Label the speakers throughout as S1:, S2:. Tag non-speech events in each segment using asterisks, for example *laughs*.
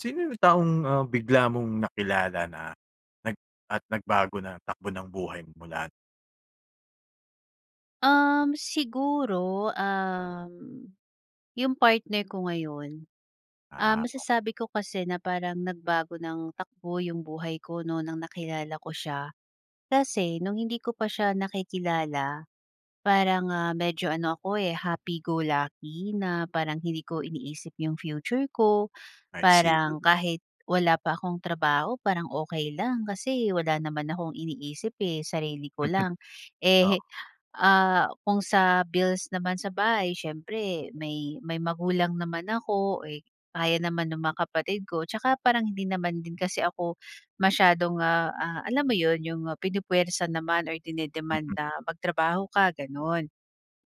S1: Sino yung taong, ah, bigla mong nakilala na nag at nagbago ng takbo ng buhay mo mula?
S2: Um, siguro um, 'yong partner ko ngayon. Ah,
S1: Ah. okey.
S2: masasabi ko kasi na parang nagbago ng takbo 'yong buhay ko noon ng nakilala ko siya kasi no'ng hindi ko pa siya nakikilala parang, ah, medyo ano ako, eh, happy go lucky na parang hindi ko iniisip yung future ko.
S1: I see it.
S2: Parang kahit wala pa akong trabaho parang okey lang, kasi wala naman akong iniisip eh, sarili ko
S1: *chuckles*
S2: lang. Eh,
S1: Oo.
S2: ah, kung sa bills naman sa bahay siyempre may may magulang naman ako, eh, kaya naman ng mga kapatid ko. Tsaka parang hindi naman din kasi ako masyadong ah, ah, alam mo 'yon, 'yong pinupuwersa naman or dine-demand
S1: Mhm.
S2: na magtrabaho ka gano'n.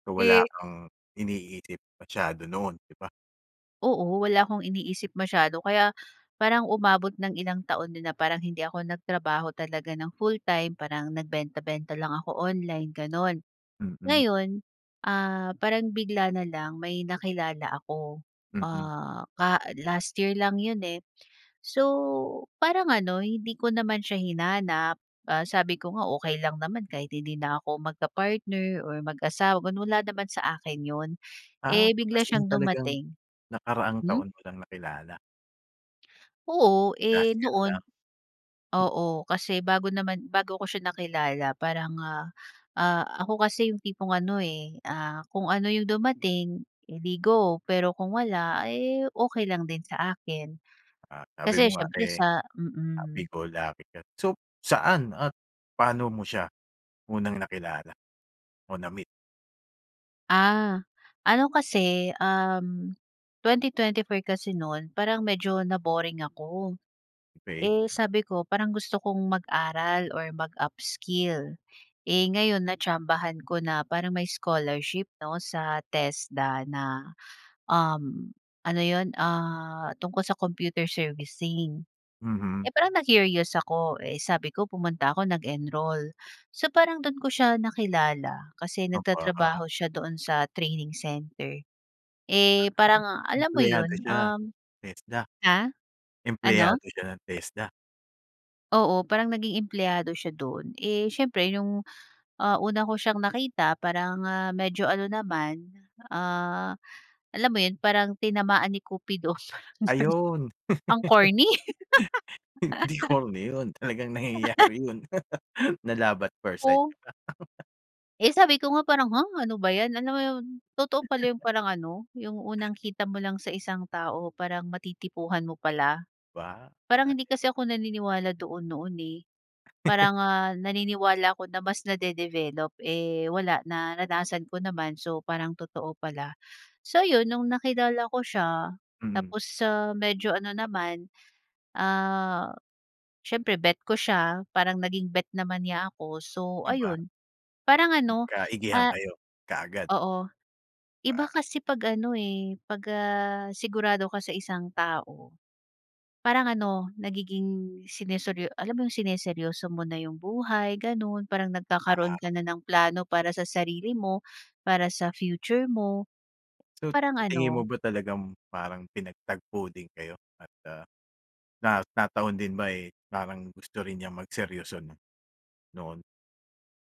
S1: So wala
S2: Eh
S1: kang iniisip masyado noon, 'di ba?
S2: Oo wala akong iniisip masyado kaya parang umabot ng ilang taon din na parang hindi ako nagtrabaho talaga ng full-time parang nagbenta-benta lang ako online gano'n.
S1: Mm.
S2: Ngayon, ah, parang bigla na lang may nakilala ako.
S1: Mm.
S2: Ah, ka last year lang 'yon, eh. So parang ano, hindi ko naman siya hinanap, ah, sabi ko nga okey lang naman kahit hindi na ako mag ka-partner or mag-asawa wal wala naman sa akin 'yon.
S1: Ah,
S2: Eh, bigla
S1: as in
S2: siyang
S1: talagang
S2: dumating.
S1: nakaraang
S2: Hmm?
S1: taon mo lang nakilala?
S2: Oo,
S1: Last
S2: eh,
S1: year lang?
S2: noon. Oo, kasi bago naman, bago ko siya nakilala parang, ah, ah, ako kasi yung tipong ano eh, ah, kung ano yung dumating edi go. Pero kung wala eh, okey lang din sa akin.
S1: Ah, sabi
S2: Kasi
S1: mo nga
S2: siyempre
S1: eh
S2: sa
S1: "Happy
S2: mm.
S1: go, lucky ka." So saan at paano mo siya unang nakilala o na-meet?
S2: Ah, ano kasi um, 2024 kasi noon parang medyo na-boring ako.
S1: Okey.
S2: Eh, sabi ko parang gusto kong mag-aral or mag-upskill. Eh, gayon na-tsambahan ko na parang may scholarship 'no sa TESDA na um, ano iyon ah, tungkol sa computer servicing.
S1: Mhm.
S2: Eh, parang na-curious ako eh, sabi ko pumunta ako nag-enroll. So parang doon ko siya nakilala, kasi
S1: Aba.
S2: nagtatrabaho siya doon sa training center. Eh,
S1: Ah,
S2: parang alam mo
S1: empleyado
S2: iyon
S1: siya?
S2: um,
S1: TESDA?
S2: ha, ano?
S1: Empleyado siya ng TESDA?
S2: Oo, parang naging empleyado siya do’n, eh, siyempre, 'yong ah, una ko siyang nakita parang, ah, medyo ano naman, ah, alam mo 'yon, parang tinamaan ni Kupido, parang gano'n.
S1: Ayun.
S2: Ang corny!
S1: *laughs* Hindi ko
S2: *laughs*
S1: corny 'yon, talagang
S2: *laughs*
S1: nangyayari 'yon. Na love at first sight
S2: Oh.
S1: ka. *laughs*
S2: Eh, sabi ko nga, parang ha, ano ba 'yan? Alam mo 'yon, totoo pala 'yong
S1: *chuckles*
S2: parang ano, 'yong unang kita mo lang sa isang tao, parang matitipuhan mo pala.
S1: 'Ba,
S2: Parang
S1: ayos
S2: hindi kasi
S1: ah.
S2: ako naniniwala doon noon, eh.
S1: *chuckles*
S2: Parang ah, naniniwala ako na mas nade-develop, eh, wala, naranasan ko naman, so parang totoo pala. So 'yon, no’ng nakilala ko siya,
S1: Mhm.
S2: tapos, ah, medyo ano naman, ah, siyempre bet ko siya, parang naging bet naman niya ako, so
S1: Di ba?
S2: ayon. Parang ano,
S1: Nagkaigihan
S2: ah,
S1: kayo, kaagad.
S2: oo, iba
S1: 'Ba.
S2: kasi 'pag ano, eh, pag ah, sigurado ka sa isang tao. Parang ano, nagiging siniseryo alam mo 'yong sineryoso mo na 'yong buhay, gano’n. Parang nagkakaroon
S1: Oo.
S2: ka na ng plano para sa sarili mo, para sa future mo.
S1: So,
S2: Parang
S1: sa tingin mo
S2: ano
S1: ba talagang parang pinagtagpo din kayo at ah, na nataon din ba, eh, parang gusto rin niyang magseryoso, 'no, noon?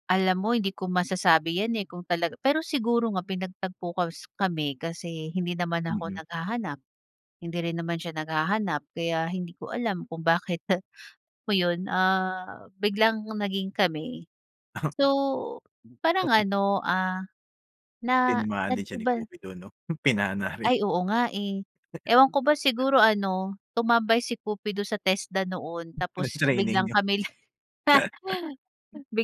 S2: Alam mo hindi ko masasabi yan, eh, kung talaga pero siguro nga pinagtagpo kas kami kasi hindi naman ako
S1: Mhm.
S2: naghahanap, hindi rin naman siya naghahanap. Kaya hindi ko alam kung bakit mo iyon, ah, biglang naging kami.
S1: *coughs*
S2: So, parang ano, ah, na
S1: Tinamaan din siya ni
S2: nag-iba.
S1: Kupido 'no? Pinana rin.
S2: Ay! Oo nga, eh. Ewan ko ba siguro ano, tumambay si Kupido sa TESDA noon
S1: Na
S2: tapos
S1: training
S2: biglang
S1: niyo.
S2: kami, *chuckles*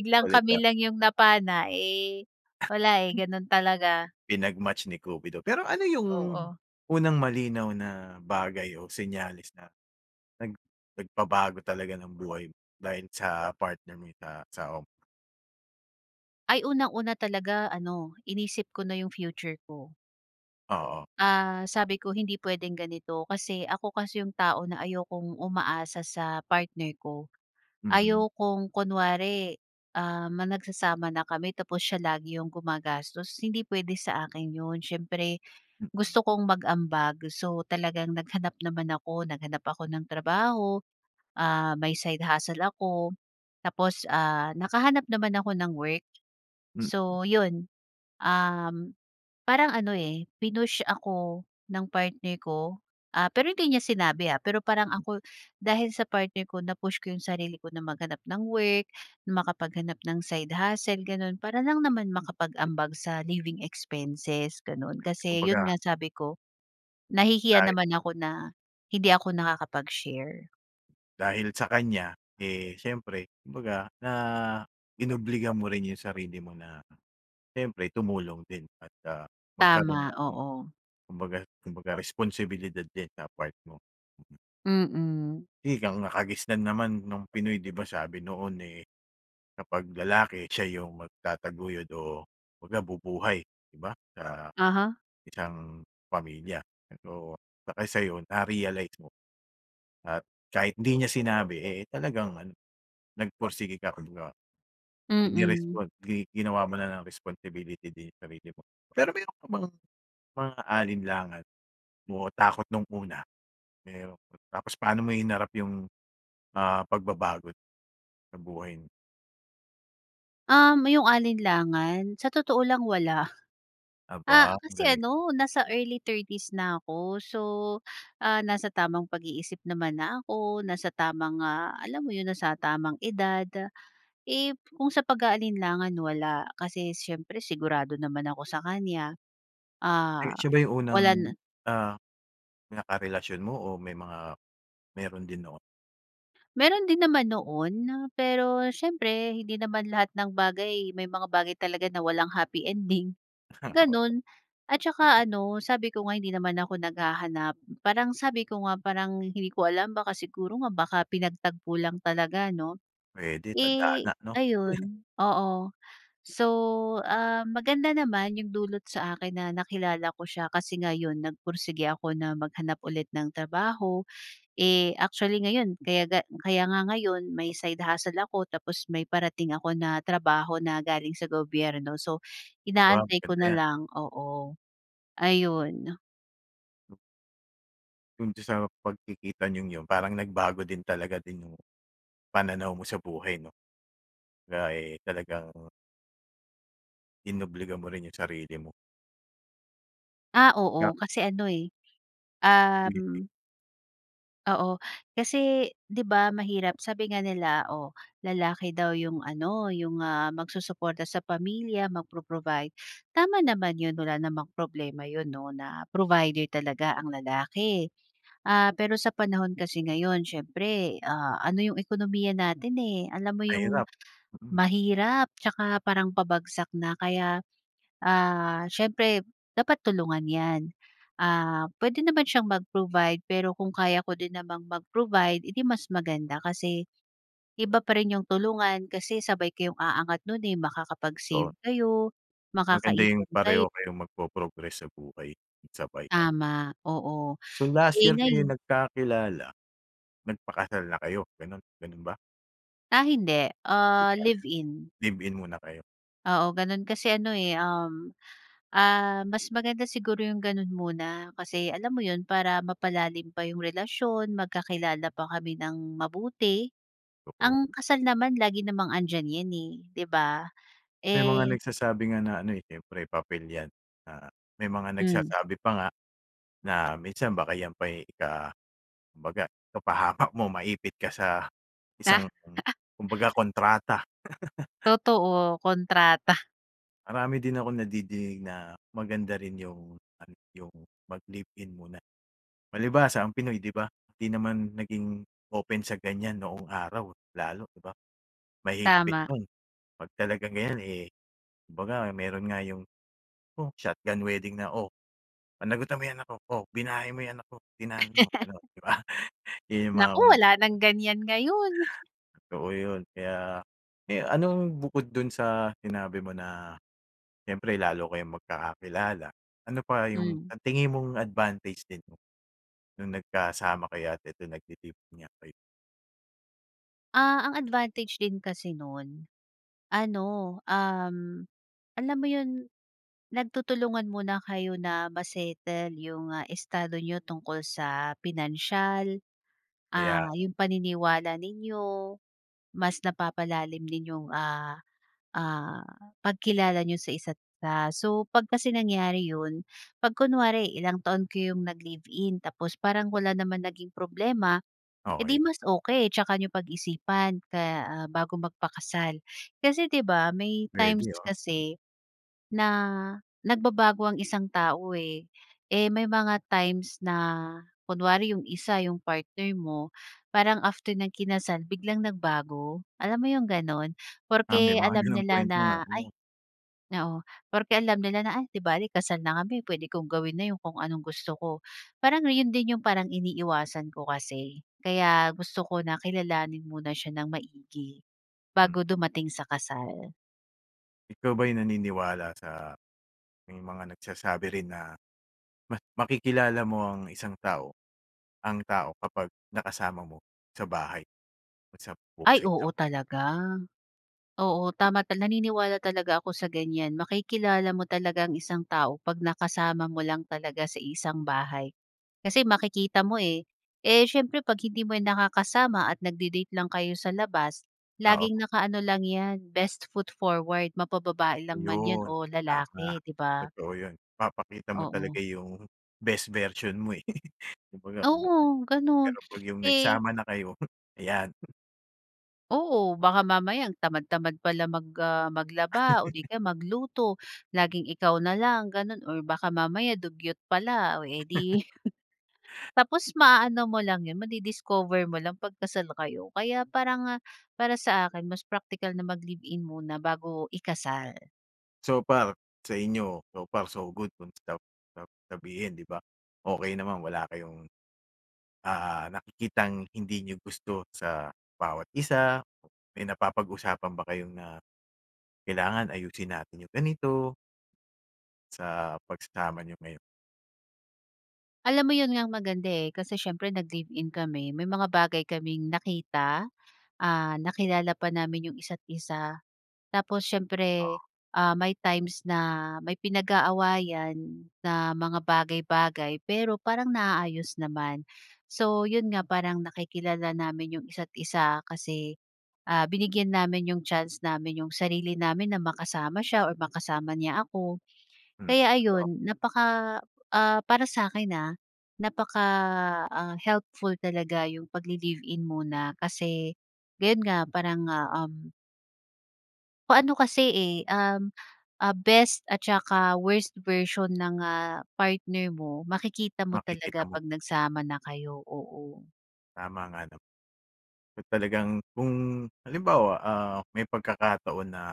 S1: *chuckles* kulit,
S2: kami
S1: ah.
S2: lang yung napana, eh, wala, eh, ganun talaga.
S1: Pinag-match ni Kupido. Pero ano yung
S2: Oo.
S1: unang malinaw na bagay o senyales na, nag nagpabago talaga ng buhay mo dahil sa partner mo sa asawa mo?
S2: Ay unang-una talaga ano inisip ko na yung future ko.
S1: Oo.
S2: Ah, sabi ko hindi pwedeng ganito kasi ako kasi iyong tao na ayokong umaasa sa partner ko.
S1: Mhm.
S2: Ayokong kunwari, ah, ma nagsasama na kami tapos siya lagi iyong gumagastos hindi pwede sa akin iyon. Siyempre, gusto kong mag-ambag so talagang naghanap naman ako, naghanap ako ng trabaho. Ah, may side hustle ako, tapos ah, nakahanap naman ako ng work.
S1: Mm.
S2: So iyon, um, parang ano, eh, pinush ako ng partner ko. Ah, pero hindi niya sinabi, ah, pero parang ako dahil sa partner ko na-push ko iyong sarili ko na maghanap ng work, makapaghanap ng side hustle, ganoon. Para lang naman makapag-ambag sa living expenses, ganoon. Kasi iyon
S1: Kumbaga
S2: nga sabi ko nahihiya
S1: Ay.
S2: naman ako na hindi ako nakakapag-share.
S1: Dahil sa kanya, eh, siyempre, kumbaga na inobliga mo rin iyong sarili mo na, siyempre tumulong din at, ah, magkaroon
S2: Tama,
S1: ng
S2: oo.
S1: kumbaga kumbaga responsibilidad din sa part mo.
S2: Mm.
S1: Eh, ang nakagisnan naman noong Pinoy 'di ba sabi noon, eh, kapag lalaki, siya iyong magtataguyod o kumbaga bubuhay, 'di ba? Sa
S2: Uh-huh.
S1: isang pamilya. Pero, baka sa iyo na-realize mo at kahit hindi niya sinabi, eh, talagang ano nagporsige ka. *unintelligible* Hindi
S2: Mm.
S1: responli ginawa mo na lang responsibility din iyong sarili mo. Pero mayroon ka bang mga alinlangan o takot noong una? Pero tapos paano mo hinarap iyong, ah, pagbabago sa buhay?
S2: Um, iyong alinlangan? Sa totoo lang wala. Ah,
S1: Aba. Ang
S2: kasi
S1: galing.
S2: ano nasa early 30's na ako. So, ah, nasa tamang pag-iisip naman na ako, nasa tamang, ah, alam mo iyon nasa tamang edad. Eh, kung sa pag-aalinlangan wala, kasi siyempre sigurado naman ako sa kanya. Ah,
S1: Eh, siya ba iyong unang,
S2: walan
S1: ah, nakarelasyon mo o may mga, mayroon din noon?
S2: Meron din naman noon na, pero siyempre hindi naman lahat ng bagay, may mga bagay talaga na walang happy ending, ganoon. At saka, ano sabi ko nga hindi naman ako naghahanap. Parang sabi ko nga, parang hindi ko alam baka siguro nga baka pinagtagpo lang talaga 'no.
S1: Pwede,
S2: Eh,
S1: tadhana 'no. *chuckles*
S2: ayun, oo. So, ah, maganda naman iyong dulot sa akin na nakilala ko siya kasi ngayon nagpursige ako na maghanap ulit ng trabaho. Eh, actually ngayon, kayaga kaya nga ngayon may side hustle ako, tapos may parating ako na trabaho na galing sa gobyerno. So,
S1: Aba,
S2: inaantay ko
S1: maganda
S2: na
S1: yan.
S2: lang, oo. Ayun.
S1: Doon din sa pagkikita niyong yun, parang nagbago din talaga din yung, pananaw mo sa buhay 'no? Kumbaga eh talagang inobliga mo rin yung sarili mo.
S2: Ah,
S1: *unintelligible*
S2: oo kasi ano, eh,
S1: *unintelligible*
S2: um. Oo. Kasi, 'di ba mahirap sabi nga nila, oh lalaki daw iyong ano, iyong, ah, magsusuporta sa pamilya, mag-pro-provide. Tama naman iyon wala namang problema iyon 'no na provider talaga ang lalaki. Ah, pero sa panahon kasi ngayon, siyempre, ah, ano iyong ekonomiya natin, eh, alam mo iyong
S1: Mahirap, hmm.
S2: mahirap at saka parang pabagsak na. Kaya, ah, siyempre dapat tulungan iyan. Ah, pwede naman siyang mag-provide pero kung kaya ko din namang mag-provide, edi mas maganda kasi, iba pa rin yung tulungan kasi sabay kayong aangat nun eh,
S1: Totoo.
S2: makakapag-save kayo,
S1: Maganda yung
S2: makakaipon
S1: pareho
S2: kay
S1: kayong magpo-progress sa buhay, sabay.
S2: Tama. oo.
S1: So last
S2: Eh,
S1: year kayo
S2: ngayon
S1: nagkakilala, nagpakasal na kayo? Ganoon ganoon ba?
S2: Ah, hindi.
S1: Di
S2: Ah,
S1: ba.
S2: live in.
S1: Live-in muna kayo.
S2: Oo, ganoon. Kasi ano eh, um, ah, mas maganda siguro yung ganoon muna. Kasi, alam mo iyon? Para mapalalim pa yung relasyon, magkakilala pa kami nang mabuti.
S1: Oo.
S2: Ang kasal naman lagi namang andiyan iyan eh, 'di ba?
S1: May mga
S2: Eh
S1: nagsasabi nga na ano eh, siyempre papel yan. Ah, may mga
S2: Hmm.
S1: nagsasabi pa nga, na, minsan baka yan pa yung ika kumbaga ikapahamak mo. Maipit ka sa, isang kum
S2: *laughs*
S1: kumbaga kontrata. *chuckles*
S2: Totoo. Kontrata.
S1: Marami din akong nadidinig na maganda rin yung ano, yung mag-live in muna. Palibhasa ang Pinoy 'di ba, 'di naman naging open sa ganyan noong araw, lalo, 'di ba? Mahigpit
S2: Tama.
S1: noon, kapag talagang ganyan eh, kumbaga meron nga yung, oh, shotgun wedding na, "O, panagutan mo yung anak ko. O, binahay mo yung anak ko, tinanan mo," gano'n 'di ba? *chuckles* Yun yung mga
S2: Naku!
S1: unang
S2: Wala
S1: panahon.
S2: ng ganyan ngayon.
S1: Totoo yun. Kaya, eh, anong bukod dun sa sinabi mo na, siyempre lalo kayong magkakakilala, ano pa yung
S2: Hmm.
S1: ang tingin mong advantage din nung nagkasama kayo at eto nagtitipon nga kayo?
S2: Ah, ang advantage din kasi no'n, ano, um, alam mo 'yon, nagtutulungan muna kayo na ma-settle yung, ah, estado niyo tungkol sa pinansiyal,
S1: Ayan.
S2: ah, yung paniniwala ninyo, mas napapalalim ninyong, ah ah, pagkilala niyo sa isa't isa. So, 'pag kasi nangyari yun, 'pag kunwari ilang taon kayong naglive-in, tapos parang wala naman naging problema, eh, di
S1: Okey.
S2: mas okey, tsaka niyo pag-isipan kaya, ah, bago magpakasal. Kasi di ba, may times
S1: Pwede, ah.
S2: kasi, na nagbabago ang isang tao, eh. Eh, may mga times na kunwari yung isa, yung partner mo, parang after niyang kinasal, biglang nagbago, alam mo yung gano'n?
S1: Ah, may
S2: Porke
S1: mga
S2: alam
S1: gano'ng
S2: nila
S1: kwento nga,
S2: na, ay
S1: oo.
S2: oo, porke alam nila na, "Ay, di bale kasal na kami, pwede kong gawin na yung kung anong gusto ko." Para 'no, 'yon din yung parang iniiwasan ko kasi, kaya gusto ko na kilalanin muna siya nang maigi,
S1: Hmm.
S2: bago dumating sa kasal.
S1: Ikaw ba ay naniniwala sa, may mga nagsasabi rin na, mas makikilala mo ang isang tao, ang tao kapag nakasama mo sa bahay o sa
S2: Ay,
S1: isang
S2: oo
S1: bubong?
S2: talaga. Oo tama tal naniniwala talaga ako sa ganyan. Makikilala mo talaga ang isang tao kapag nakasama mo lang talaga sa iisang bahay. Kasi makikita mo, eh. Eh, siyempre kapag hindi mo nakakasama at nagdi-date lang kayo sa labas,
S1: Oo.
S2: laging nakaano lang iyan, best foot forward, mapa-babae lang man iyan
S1: Ayun,
S2: o
S1: tama,
S2: lalaki, 'di ba?
S1: totoo yun. Ipapakita mo
S2: Oo.
S1: talaga yung best version mo, eh, *chuckles* kumbaga *unintelligible*
S2: Oo ganun,
S1: pero pag yung
S2: eh
S1: nagsama na kayo, ayan.
S2: Oo, baka mamaya ang tamad tamad pala mag, ah, maglaba o di
S1: *chuckles*
S2: kaya magluto, laging ikaw na lang ganun, or baka mamaya dugyot pala, o, eh,
S1: *chuckles*
S2: di, *chuckles* tapos maaano mo lang yun, madi-discover mo lang pag kasal na kayo, kaya para nga para sa akin mas praktikal na maglive-in muna bago ikasal.
S1: So far, sa inyo, so far, so good kung sab sab sabihin, 'di ba? Okey naman. Wala kayong, ah nakikitang hindi niyo gusto sa bawat isa, may napapag-usapan ba kayo na, kailangan ayusin natin yung ganito sa pagsasama niyo ngayon?
S2: Alam mo yun nga ang maganda eh. Kasi siyempre nag-live-in kami, may mga bagay kaming nakita. Ah, nakilala pa namin iyong isa't isa. Tapos siyempre,
S1: Ah.
S2: ah, may times na may pinag-aawayan na mga bagay-bagay. Pero parang naaayos naman. So yun nga, parang nakikilala namin yung isa't isa kasi, ah, binigyan namin iyong chance namin yung sarili namin na makasama siya or makasama niya ako.
S1: Mm.
S2: Kaya
S1: Totoo.
S2: ayun, napaka ah para sa akin ha, napaka ah, helpful talaga yung pag-li-live in muna, kasi ganoon nga, parang ah, um kung ano kasi eh, um, ah, best at saka worst version ng ah, partner mo, makikita mo
S1: Makikita
S2: talaga
S1: mo.
S2: kapag nagsama na kayo, oo.
S1: Tama nga naman. Talagang kung halimbawa, ah, may pagkakataon na.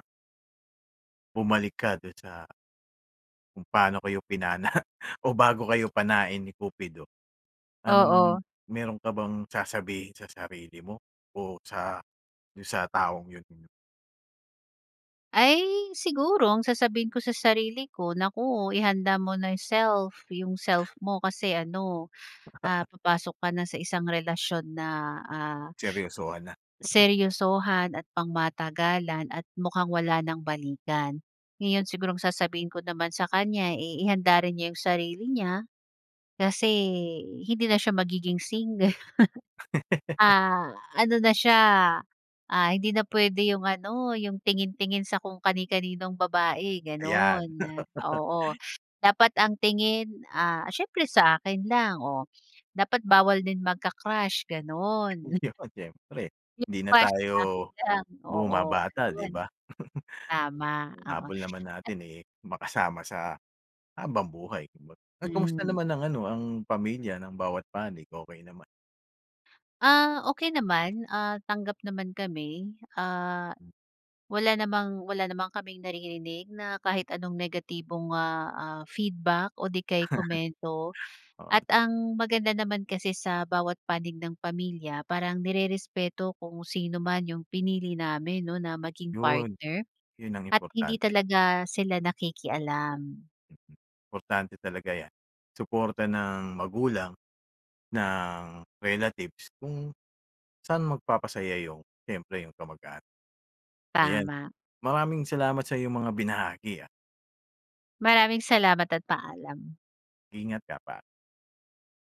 S1: Bumalik ka do'n sa kung paano kayo pinana *chuckles* o bago kayo panain ni Kupido. Anong
S2: Oo.
S1: mayroon ka bang sasabihin sa sarili mo o sa do'n sa taong 'yon?
S2: Ay, siguro ang sasabihin ko sa sarili ko, "Naku ihanda mo na 'yong self 'yong self mo." Kasi ano, ah,
S1: *chuckles*
S2: papasok ka na sa isang relasyon na, ah,
S1: Seryosohan na. *chuckles*
S2: seryosohan at pangmatagalan at mukhang wala ng balikan. Ngayon siguro ang sasabihin ko naman sa kanya, eh, ihanda rin niya 'yong sarili niya. Kasi hindi na siya magiging single. *chuckles*
S1: *chuckles*
S2: Ah, ano na siya, ah, hindi na puwede 'yong ano 'yong tingin-tingin sa kung kani kaninong babae
S1: Ayan.
S2: gano'n, oo.
S1: *chuckles*
S2: Dapat ang tingin, ah, siyempre sa akin lang, oh. Dapat bawal din magka-crush gano'n.
S1: 'Yon siyempre.
S2: Yung
S1: Hindi na
S2: crush akin
S1: tayo
S2: ka lang. Oo
S1: bumabata, 'di
S2: gano'n.
S1: ba? *chuckles*
S2: Tama oo.
S1: Habol naman natin, eh, makasama sa habang buhay. Kumbaga ay kamusta
S2: Hmm.
S1: naman ang ano ang pamilya ng bawat panig okey naman?
S2: Ah, okey naman, ah, tanggap naman kami. Ah, wala namang wala naman kaming naririnig na kahit anong negatibong, ah, ah, feedback o di kaya'y komento.
S1: *chuckles* Oh.
S2: At ang maganda naman kasi sa bawat panig ng pamilya parang nirerespeto kung sino man 'yong pinili namin 'no na maging
S1: 'Yon.
S2: partner
S1: 'Yon ang
S2: at hindi
S1: importante.
S2: talaga sila nakikialam.
S1: Importante talaga 'yan suporta ng magulang, ng relatives kung sa'n magpapasaya 'yong siyempre 'yong kamag-anak. Ayan,
S2: Tama.
S1: maraming salamat sa 'yong mga binahagi, ah.
S2: Maraming salamat at paalam.
S1: Ingat ka pa.